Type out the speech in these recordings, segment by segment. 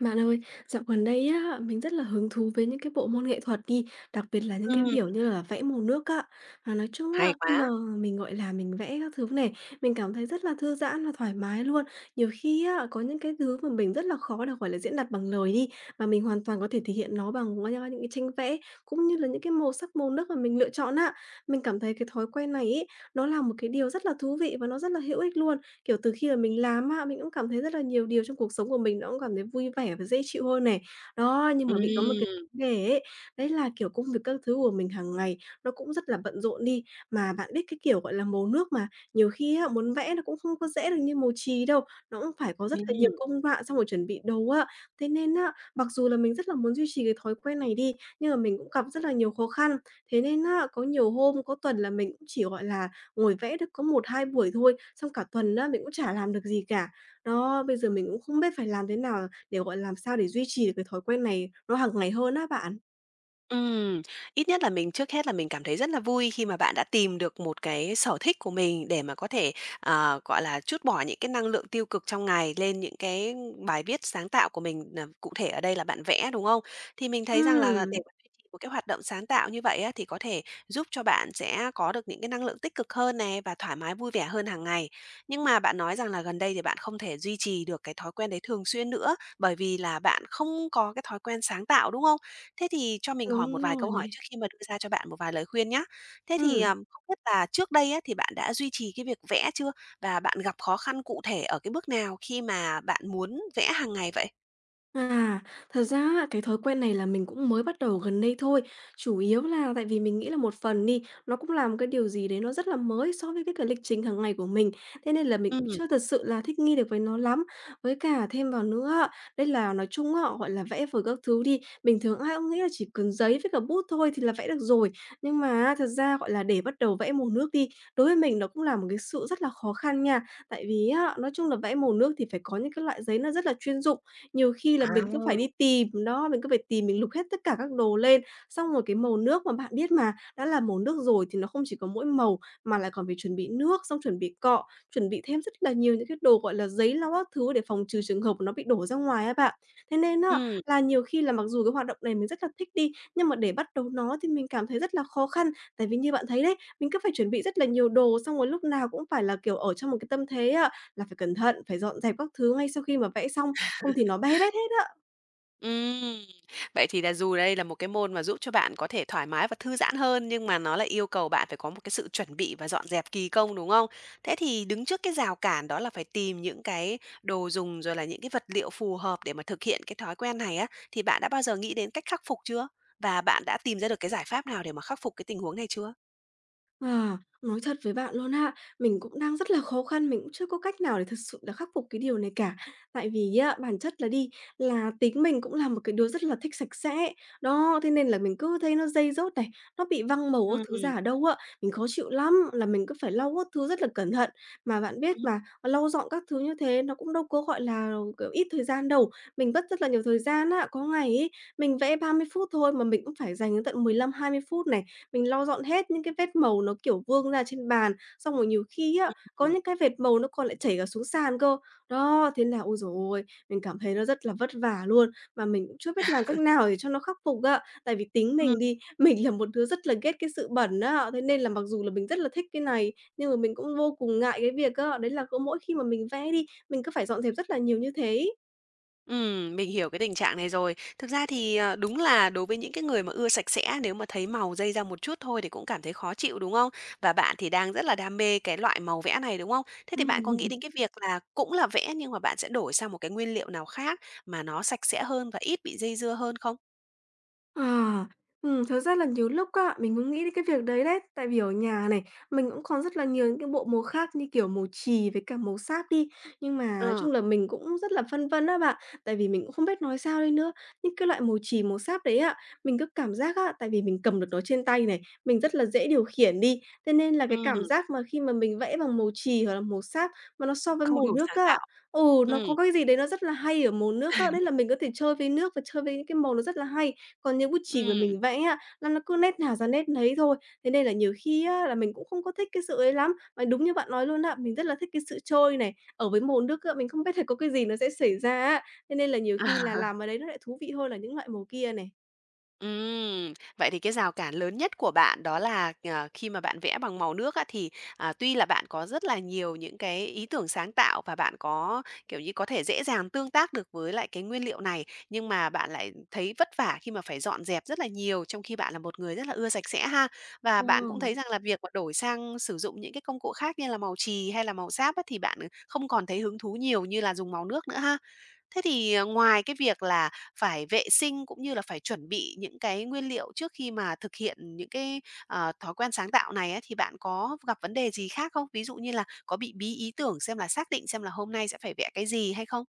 Bạn ơi, dạo gần đây á, mình rất là hứng thú với những cái bộ môn nghệ thuật đi, đặc biệt là những cái, Ừm. kiểu như là, vẽ màu nước á. Mà nói chung Hay á, khi mà quá. mình, gọi là, mình vẽ các thứ này, mình cảm thấy rất là thư giãn và thoải mái luôn. Nhiều khi á, có những cái thứ mà mình rất là khó được, gọi là, diễn đạt bằng lời đi, mà mình hoàn toàn có thể thể hiện nó bằng qu qua tranh vẽ cũng như là những cái màu sắc màu nước mà mình lựa chọn á. Mình cảm thấy cái thói quen này ấy, nó là một cái điều rất là thú vị và nó rất là hữu ích luôn. Kiểu, từ khi mà mình làm á, mình cũng cảm thấy rất là nhiều điều trong cuộc sống của mình nó cũng cảm thấy vui vẻ và dễ chịu hơn này. Đó, nhưng mà bị có một cái Ừm. vấn đề ấy, đấy là, kiểu, công việc các thứ của mình hàng ngày nó cũng rất là bận rộn đi. Mà bạn biết cái kiểu, gọi là, màu nước mà nhiều khi á, muốn vẽ nó cũng không có dễ được như màu chì đâu. Nó cũng phải có rất là nhiều Ừm. công đoạn trong một chuẩn bị dồ á. Thế nên á, mặc dù là mình rất là muốn duy trì cái thói quen này đi, nhưng mà mình cũng gặp rất là nhiều khó khăn. Thế nên á, có nhiều hôm, có tuần là mình cũng chỉ, gọi là, ngồi vẽ được có 1-2 buổi thôi, xong cả tuần á, mình cũng chả làm được gì cả. Đó, bây giờ mình cũng không biết phải làm thế nào để gọi làm sao để duy trì được cái thói quen này nó hàng ngày hơn á bạn. Ừm, ít nhất là mình trước hết là mình cảm thấy rất là vui khi mà bạn đã tìm được một cái sở thích của mình để mà có thể, à, gọi là, trút bỏ những cái năng lượng tiêu cực trong ngày lên những cái bài viết sáng tạo của mình, ờ, cụ thể ở đây là bạn vẽ, đúng không? Thì mình thấy rằng là là để Ừm. mà duy trì một cái hoạt động sáng tạo như vậy á, thì có thể giúp cho bạn sẽ có được những cái năng lượng tích cực hơn này và thoải mái vui vẻ hơn hàng ngày. Nhưng mà bạn nói rằng là gần đây thì bạn không thể duy trì được cái thói quen đấy thường xuyên nữa, bởi vì là bạn không có cái thói quen sáng tạo, đúng không? Thế thì cho mình hỏi Đúng một vài rồi câu nè. hỏi trước khi mà đưa ra cho bạn một vài lời khuyên nhá. Thế thì, Ừm. ờ, không biết là trước đây á, thì bạn đã duy trì cái việc vẽ chưa? Và bạn gặp khó khăn cụ thể ở cái bước nào khi mà bạn muốn vẽ hàng ngày vậy? À, thật ra á, cái thói quen này là mình cũng mới bắt đầu gần đây thôi. Chủ yếu là tại vì mình nghĩ là một phần đi, nó cũng là một cái điều gì đấy nó rất là mới so với cái cả lịch trình hàng ngày của mình. Thế nên là mình cũng Ừm. chưa thật sự là thích nghi được với nó lắm. Với cả thêm vào nữa á, đấy là nói chung á, gọi là, vẽ vời các thứ đi, bình thường ai cũng nghĩ là chỉ cần giấy với cả bút thôi thì là vẽ được rồi, nhưng mà á, thật ra, gọi là, để bắt đầu vẽ màu nước đi, đối với mình nó cũng là một cái sự rất là khó khăn nha. Tại vì á, nói chung là vẽ màu nước thì phải có những cái loại giấy nó rất là chuyên dụng. Nhiều khi là mình cứ phải đi À. tìm nó, mình cứ phải tìm, mình lục hết tất cả các đồ lên. Xong rồi cái màu nước mà bạn biết mà, đã là màu nước rồi thì nó không chỉ có mỗi màu, mà lại còn phải chuẩn bị nước xong chuẩn bị cọ, chuẩn bị thêm rất là nhiều những cái đồ gọi là giấy lau các thứ để phòng trừ trường hợp nó bị đổ ra ngoài á bạn. Thế nên á Ừm. là nhiều khi là mặc dù cái hoạt động này mình rất là thích đi, nhưng mà để bắt đầu nó thì mình cảm thấy rất là khó khăn. Tại vì như bạn thấy đấy, mình cứ phải chuẩn bị rất là nhiều đồ, xong rồi lúc nào cũng phải là, kiểu, ở trong một cái tâm thế á là phải cẩn thận, phải dọn dẹp các thứ ngay sau khi mà vẽ xong, không thì nó be bét hết á. Ừm. Vậy thì là dù đây là một cái môn mà giúp cho bạn có thể thoải mái và thư giãn hơn, nhưng mà nó lại yêu cầu bạn phải có một cái sự chuẩn bị và dọn dẹp kỳ công, đúng không? Thế thì đứng trước cái rào cản đó là phải tìm những cái đồ dùng rồi là những cái vật liệu phù hợp để mà thực hiện cái thói quen này á, thì bạn đã bao giờ nghĩ đến cách khắc phục chưa? Và bạn đã tìm ra được cái giải pháp nào để mà khắc phục cái tình huống này chưa? À, nói thật với bạn luôn á, mình cũng đang rất là khó khăn, mình cũng chưa có cách nào để thực sự là khắc phục cái điều này cả. Tại vì á, bản chất là đi là tính mình cũng là một cái đứa rất là thích sạch sẽ, đó, thế nên là mình cứ thấy nó dây rớt này, nó bị văng màu các thứ Ừm. ra ở đâu á, mình khó chịu lắm, là mình cứ phải lau các thứ rất là cẩn thận, mà bạn biết mà, lau dọn các thứ như thế nó cũng đâu có, gọi là, kiểu, ít thời gian đâu, mình mất rất là nhiều thời gian á. Có ngày ấy, mình vẽ 30 phút thôi mà mình cũng phải dành đến tận 15-20 phút này, mình lau dọn hết những cái vết màu nó, kiểu, vương ra trên bàn, xong rồi nhiều khi á, có Ừm. những cái vệt màu nó còn lại chảy cả xuống sàn cơ, đó thế là ôi giời ơi, mình cảm thấy nó rất là vất vả luôn, mà mình cũng chưa biết làm cách nào để cho nó khắc phục á. Tại vì tính Ừm. mình đi, mình là một đứa rất là ghét cái sự bẩn á, thế nên là mặc dù là mình rất là thích cái này, nhưng mà mình cũng vô cùng ngại cái việc á, đấy là mỗi khi mà mình vẽ đi, mình cứ phải dọn dẹp rất là nhiều như thế ấy. Ừm, mình hiểu cái tình trạng này rồi. Thực ra thì, ờ, đúng là đối với những cái người mà ưa sạch sẽ, nếu mà thấy màu dây ra một chút thôi thì cũng cảm thấy khó chịu, đúng không? Và bạn thì đang rất là đam mê cái loại màu vẽ này, đúng không? Thế thì bạn có nghĩ Ừm. đến cái việc là cũng là vẽ nhưng mà bạn sẽ đổi sang một cái nguyên liệu nào khác mà nó sạch sẽ hơn và ít bị dây dưa hơn không? Ờ, ừm, thực ra là nhiều lúc á, mình cũng nghĩ đến cái việc đấy đấy, tại vì ở nhà này, mình cũng có rất là nhiều những cái bộ màu khác như, kiểu, màu chì với cả màu sáp đi, nhưng mà nói Ờ. chung là mình cũng rất là phân vân á bạn, tại vì mình cũng không biết nói sao đây nữa. Những cái loại màu chì, màu sáp đấy á, mình cứ cảm giác á, tại vì mình cầm được nó trên tay này, mình rất là dễ điều khiển đi, thế nên là cái cảm Ừm. giác mà khi mà mình vẽ bằng màu chì hoặc là màu sáp mà nó so với Không màu đủ nước sáng á tạo. ừ, nó Ừm. có cái gì đấy nó rất là hay ở màu nước á, đấy là mình có thể chơi với nước và chơi với những cái màu nó rất là hay, còn như bút chì mà Ừm. mình vẽ á, nó nó cứ nét nào ra nét nấy thôi, thế nên là nhiều khi á, là mình cũng không có thích cái sự ấy lắm. Và đúng như bạn nói luôn á, mình rất là thích cái sự trôi này, ở với màu nước á, mình không biết là có cái gì nó sẽ xảy ra á, thế nên là nhiều khi là làm ở đấy nó lại thú vị hơn là những loại màu kia này. Ừm. Vậy thì cái rào cản lớn nhất của bạn đó là, ờ, khi mà bạn vẽ bằng màu nước á, thì, à, tuy là bạn có rất là nhiều những cái ý tưởng sáng tạo và bạn có, kiểu như, có thể dễ dàng tương tác được với lại cái nguyên liệu này, nhưng mà bạn lại, ừm, thấy vất vả khi mà phải dọn dẹp rất là nhiều trong khi bạn là một người rất là ưa sạch sẽ ha, và bạn cũng thấy [unintelligible] rằng là việc mà đổi sang sử dụng những cái công cụ khác như là màu chì hay là màu sáp á, thì bạn, ờ, không còn thấy hứng thú nhiều như là dùng màu nước nữa ha. Thế thì, à, ngoài cái việc là phải vệ sinh cũng như là phải chuẩn bị những cái nguyên liệu trước khi mà thực hiện những cái, ờ, thói quen sáng tạo này á, thì bạn có gặp vấn đề gì khác không? Ví dụ như là có bị bí ý tưởng, xem là xác định xem là hôm nay sẽ phải vẽ cái gì hay không?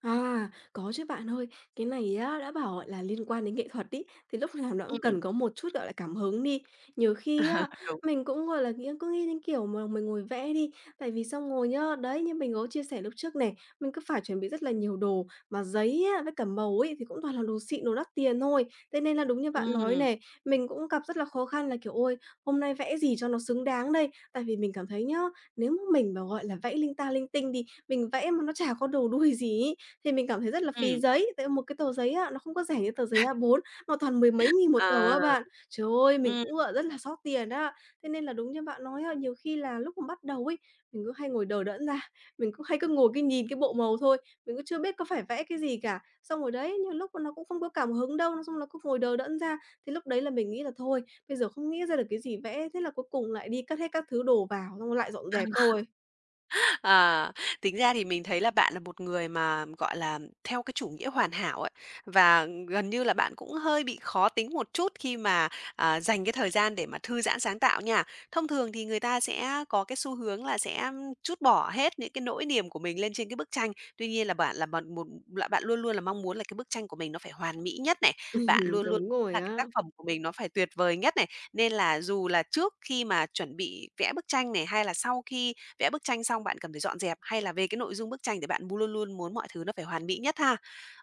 À, có chứ bạn ơi. Cái này á, đã bảo, gọi là, liên quan đến nghệ thuật ấy, thì lúc nào nó cũng cần Ừm. có một chút, gọi là, cảm hứng đi. Nhiều khi Ờ, á, đúng. mình cũng, gọi là, nghĩ cứ nghĩ đến kiểu mà mình ngồi vẽ đi tại vì xong rồi nhá, đấy, như mình có chia sẻ lúc trước này, mình cứ phải chuẩn bị rất là nhiều đồ, mà giấy á với cả màu ấy thì cũng toàn là đồ xịn, đồ đắt tiền thôi, thế nên là đúng như bạn nói Ừm. này, mình cũng gặp rất là khó khăn là, kiểu: "Ôi! Hôm nay vẽ gì cho nó xứng đáng đây?" Tại vì mình cảm thấy nhá, nếu m mình mà, gọi là, vẽ linh ta linh tinh đi, mình vẽ mà nó chả có đầu đuôi gì ấy, thì mình cảm thấy rất là phí Ừm. giấy, tại một cái tờ giấy á nó không có rẻ như tờ giấy A4, mà toàn mười mấy nghìn một tờ À! á bạn. Trời ơi! Mình ừm. cũng gọi rất là xót tiền á, thế nên là đúng như bạn nói á, nhiều khi là lúc mà bắt đầu ấy, mình cứ hay ngồi đờ đẫn ra, mình cứ hay cứ ngồi, cứ nhìn cái bộ màu thôi, mình cũng chưa biết có phải vẽ cái gì cả. Xong rồi đấy, nhiều lúc mà nó cũng không có cảm hứng đâu, nó xong nó cứ ngồi đờ đẫn ra thì lúc đấy là mình nghĩ là "Thôi, bây giờ không nghĩ ra được cái gì vẽ", thế là cuối cùng lại đi cất hết các thứ đồ vào, xong rồi lại dọn dẹp thôi. Ờ, tính ra thì mình thấy là bạn là một người mà, gọi là, theo cái chủ nghĩa hoàn hảo ấy, và, ừm, gần như là bạn cũng hơi bị khó tính một chút khi mà, à, dành cái thời gian để mà thư giãn sáng tạo nha. Thông thường thì người ta sẽ có cái xu hướng là sẽ trút bỏ hết những cái nỗi niềm của mình lên trên cái bức tranh, tuy nhiên là bạn là bạn một là bạn luôn luôn là mong muốn là cái bức tranh của mình nó phải hoàn mỹ nhất này, bạn luôn luôn Đúng rồi là cái tác á. phẩm của mình nó phải tuyệt vời nhất này. Nên là dù là trước khi mà chuẩn bị vẽ bức tranh này, hay là sau khi vẽ bức tranh xong, bạn cần phải dọn dẹp, hay là về cái nội dung bức tranh thì bạn m luôn luôn muốn mọi thứ nó phải hoàn mỹ nhất ha.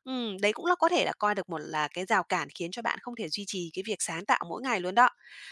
Ừm, đấy cũng là có thể là coi được một là cái rào cản khiến cho bạn không thể duy trì cái việc sáng tạo mỗi ngày luôn đó.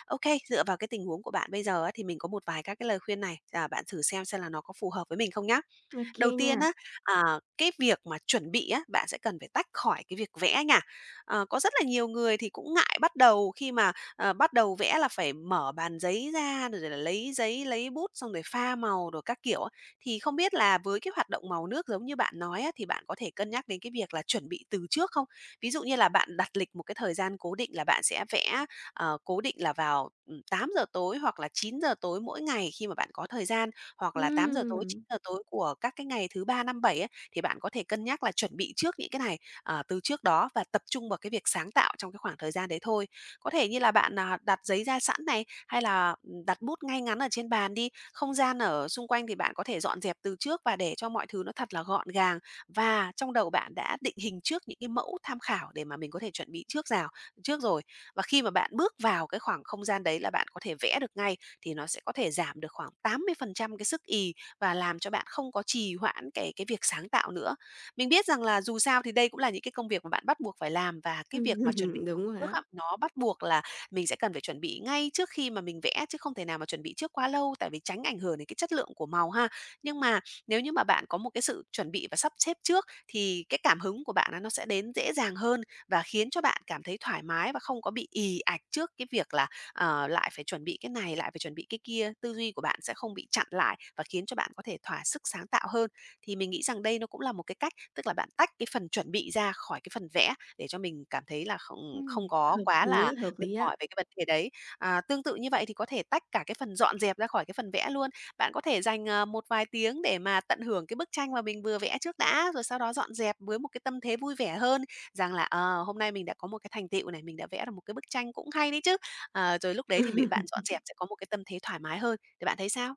Okay, dựa vào cái tình huống của bạn bây giờ á thì mình có một vài các cái lời khuyên này, à, bạn thử xem xem là nó có phù hợp với mình không nhá. Ô Đầu kê tiên nha. á, à, cái việc mà chuẩn bị á, bạn sẽ cần phải tách khỏi cái việc vẽ nha. Ờ, có rất là nhiều người thì cũng ngại bắt đầu khi mà, ờ, bắt đầu vẽ là phải mở bàn giấy ra rồi rồi là lấy giấy, lấy bút xong rồi pha màu đồ các kiểu á, thì không biết là với cái hoạt động màu nước giống như bạn nói á, thì bạn có thể cân nhắc đến cái việc là chuẩn bị từ trước không? Ví dụ như là bạn đặt lịch một cái thời gian cố định là bạn sẽ vẽ, ờ, cố định là vào, ừm, 8:00 tối hoặc là 9:00 tối mỗi ngày khi mà bạn có thời gian, hoặc là 8:00 tối, chín Ừm. giờ tối của các cái ngày thứ Ba, Năm, Bảy ấy, thì bạn có thể cân nhắc là chuẩn bị trước những cái này, ờ, từ trước đó và tập trung vào cái việc sáng tạo trong cái khoảng thời gian đấy thôi. Có thể như là bạn, à, đặt giấy ra sẵn này, hay là, ừm, đặt bút ngay ngắn ở trên bàn đi, không gian ở xung quanh thì bạn có thể dọn dẹp từ trước và để cho mọi thứ nó thật là gọn gàng, và trong đầu bạn đã định hình trước những cái mẫu tham khảo để mà mình có thể chuẩn bị trước rào trước rồi. Và khi mà bạn bước vào cái khoảng không gian đấy là bạn có thể vẽ được ngay, thì nó sẽ có thể giảm được khoảng 80% cái sức ì và làm cho bạn không có trì hoãn cái cái việc sáng tạo nữa. Mình biết rằng là dù sao thì đây cũng là những cái công việc mà bạn bắt buộc phải làm và cái việc mà chuẩn bị Ừm. [unintelligible] Đúng rồi trước á. á, nó bắt buộc là mình sẽ cần phải chuẩn bị ngay trước khi mà mình vẽ, chứ không thể nào mà chuẩn bị trước quá lâu, tại vì tránh ảnh hưởng đến cái chất lượng của màu ha. Nhưng mà nếu như mà bạn có một cái sự chuẩn bị và sắp xếp trước, thì cái cảm hứng của bạn nó nó sẽ đến dễ dàng hơn và khiến cho bạn cảm thấy thoải mái và không có bị ì ạch trước cái việc là, ờ, lại phải chuẩn bị cái này, lại phải chuẩn bị cái kia, tư duy của bạn sẽ không bị chặn lại và khiến cho bạn có thể thỏa sức sáng tạo hơn. Thì mình nghĩ rằng đây nó cũng là một cái cách, tức là bạn tách cái phần chuẩn bị ra khỏi cái phần vẽ để cho mình cảm thấy là không không Ừm, có hợp quá là lý, hợp mệt lý ạ. mỏi về cái vấn đề đấy. À, tương tự như vậy thì có thể tách cả cái phần dọn dẹp ra khỏi cái phần vẽ luôn. Bạn có thể dành, ờ, một vài tiếng để mà tận hưởng cái bức tranh mà mình vừa vẽ trước đã, rồi sau đó dọn dẹp với một cái tâm thế vui vẻ hơn, rằng là "Ờ, hôm nay mình đã có một cái thành tựu này, mình đã vẽ ra một cái bức tranh cũng hay đấy chứ", ờ, rồi lúc đấy thì bị bạn dọn dẹp sẽ có một cái tâm thế thoải mái hơn. Thì bạn thấy sao?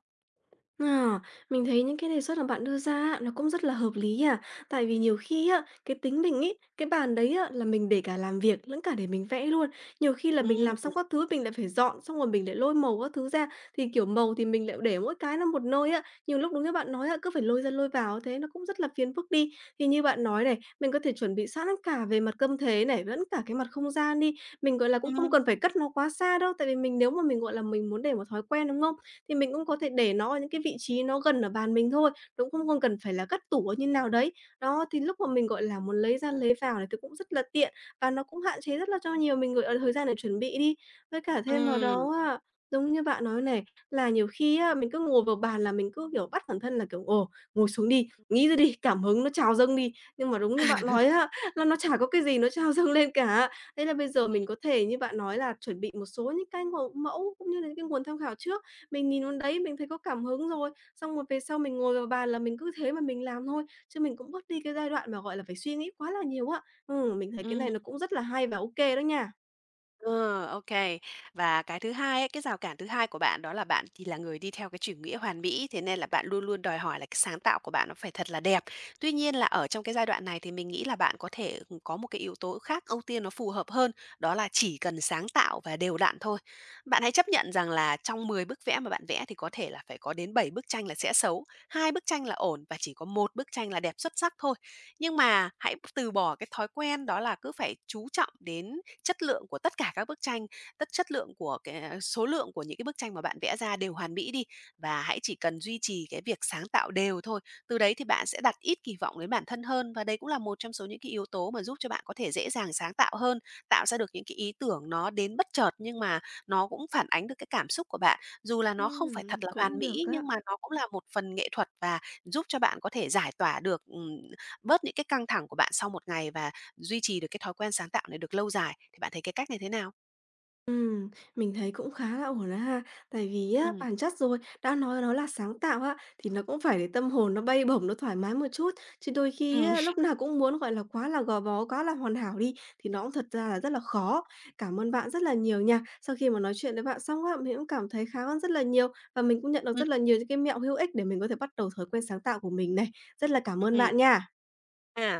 À, mình thấy những cái đề xuất mà bạn đưa ra á, nó cũng rất là hợp lý nha, tại vì nhiều khi á, cái tính mình ấy, cái bàn đấy á, là mình để cả làm việc lẫn cả để mình vẽ luôn, nhiều khi là Ừm, mình làm ừm. xong các thứ mình lại phải dọn, xong rồi mình lại lôi màu các thứ ra, thì, kiểu, màu thì mình lại để mỗi cái nó một nơi á, nhiều lúc đúng như bạn nói á, cứ phải lôi ra lôi vào thế nó cũng rất là phiền phức đi. Thì như bạn nói này, mình có thể chuẩn bị sẵn cả về mặt câm thế này, lẫn cả cái mặt không gian đi, mình, gọi là, cũng không Ừm. cần phải cất nó quá xa đâu, tại vì mình nếu mà mình, gọi là, mình muốn để một thói quen, đúng không? Thì mình cũng có thể để nó ở những cái vị trí nó gần ở bàn mình thôi, nó cũng không không cần phải là cất tủ ở như nào đấy, đó, thì lúc mà mình, gọi là, muốn lấy ra lấy vào thì cũng rất là tiện và nó cũng hạn chế rất là cho nhiều mình, gọi là, thời gian để chuẩn bị đi. Với cả thêm vào Ừm. đó á, giống như bạn nói này, là nhiều khi á, mình cứ ngồi vào bàn là mình cứ, kiểu, bắt bản thân là kiểu: "Ồ, ngồi xuống đi, nghĩ ra đi, cảm hứng nó trào dâng đi." nhưng mà đúng như bạn nói á, là nó chả có cái gì nó trào dâng lên cả. Thế là bây giờ Ừm. mình có thể như bạn nói là chuẩn bị một số những cái màu mẫu cũng như là những cái nguồn tham khảo trước, mình nhìn vào đấy, mình thấy có cảm hứng rồi, xong rồi về sau mình ngồi vào bàn là mình cứ thế mà mình làm thôi, chứ mình cũng bớt đi cái giai đoạn mà, gọi là, phải suy nghĩ quá là nhiều á. Ừm, mình thấy cái Ừm. này nó cũng rất là hay và OK đó nha. Ờ, OK. Và cái thứ hai ấy, cái rào cản thứ hai của bạn đó là bạn thì là người đi theo cái chủ nghĩa hoàn mỹ, thế nên là bạn luôn luôn đòi hỏi là cái sáng tạo của bạn nó phải thật là đẹp. Tuy nhiên là ở trong cái giai đoạn này thì mình nghĩ là bạn có thể có một cái yếu tố khác ưu tiên nó phù hợp hơn. Đó là chỉ cần sáng tạo và đều đặn thôi. Bạn hãy chấp nhận rằng là trong 10 bức vẽ mà bạn vẽ thì có thể là phải có đến 7 bức tranh là sẽ xấu, 2 bức tranh là ổn và chỉ có 1 bức tranh là đẹp xuất sắc thôi. Nhưng mà hãy t từ bỏ cái thói quen đó là cứ phải chú trọng đến chất lượng của tất cả các bức tranh, tất chất lượng của cái số lượng của những cái bức tranh mà bạn vẽ ra đều hoàn mỹ đi. Và hãy chỉ cần duy trì cái việc sáng tạo đều thôi. Từ đấy thì bạn sẽ đặt ít kỳ vọng đến bản thân hơn. Và đấy cũng là một trong số những cái yếu tố mà giúp cho bạn có thể dễ dàng sáng tạo hơn, tạo ra được những cái ý tưởng nó đến bất chợt, nhưng mà nó cũng phản ánh được cái cảm xúc của bạn. Dù là nó không phải Ừm, thật là hoàn cũng được mỹ, á. nhưng mà nó cũng là một phần nghệ thuật và giúp cho bạn có thể giải tỏa được, ừm, bớt những cái căng thẳng của bạn sau một ngày và duy trì được cái thói quen sáng tạo này được lâu dài. Thì bạn thấy cái cách này thế nào? Ừm, mình thấy cũng khá là ổn đó ha. Tại vì á, Ừm. bản chất rồi, đã nói nó là sáng tạo á, thì nó cũng phải để tâm hồn nó bay bổng, nó thoải mái một chút. Chứ đôi khi Ừm. á, lúc nào cũng muốn, gọi là, quá là gò bó, quá là hoàn hảo đi, thì nó cũng thật ra là rất là khó. Cảm ơn bạn rất là nhiều nha. Sau khi mà nói chuyện với bạn xong á, mình cũng cảm thấy khá hơn rất là nhiều và mình cũng nhận được Ừm. rất là nhiều những cái mẹo hữu ích để mình có thể bắt đầu thói quen sáng tạo của mình này. Rất là cảm ơn Ừm. bạn nha. À.